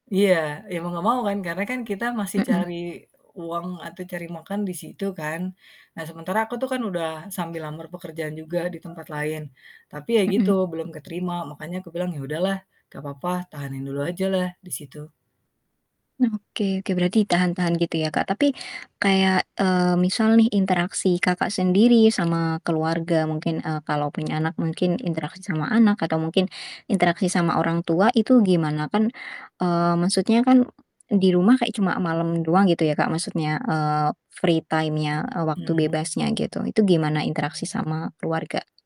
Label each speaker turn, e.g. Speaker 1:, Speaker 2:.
Speaker 1: Iya. Iya mau enggak mau kan karena kan kita masih
Speaker 2: Mhm.
Speaker 1: cari uang, atau cari makan di situ kan, nah sementara aku tuh kan udah sambil lamar pekerjaan juga di tempat lain, tapi ya gitu
Speaker 2: Mhm.
Speaker 1: belum keterima. Makanya aku bilang, "Ya udahlah enggak papa. Tahanin dulu ajalah di situ."
Speaker 2: Oke oke. Berarti ditahan-tahan gitu ya, Kak, tapi kayak, eee, misal nih interaksi Kakak sendiri sama keluarga, mungkin, eee, kalau punya anak mungkin interaksi sama anak, atau mungkin interaksi sama orang tua, itu gimana? Kan, eee, maksudnya kan di rumah kayak cuma malam doang gitu ya, Kak, maksudnya, eee, free time-nya, eee, waktu
Speaker 1: Mmm.
Speaker 2: bebasnya gitu, itu gimana interaksi sama keluarga?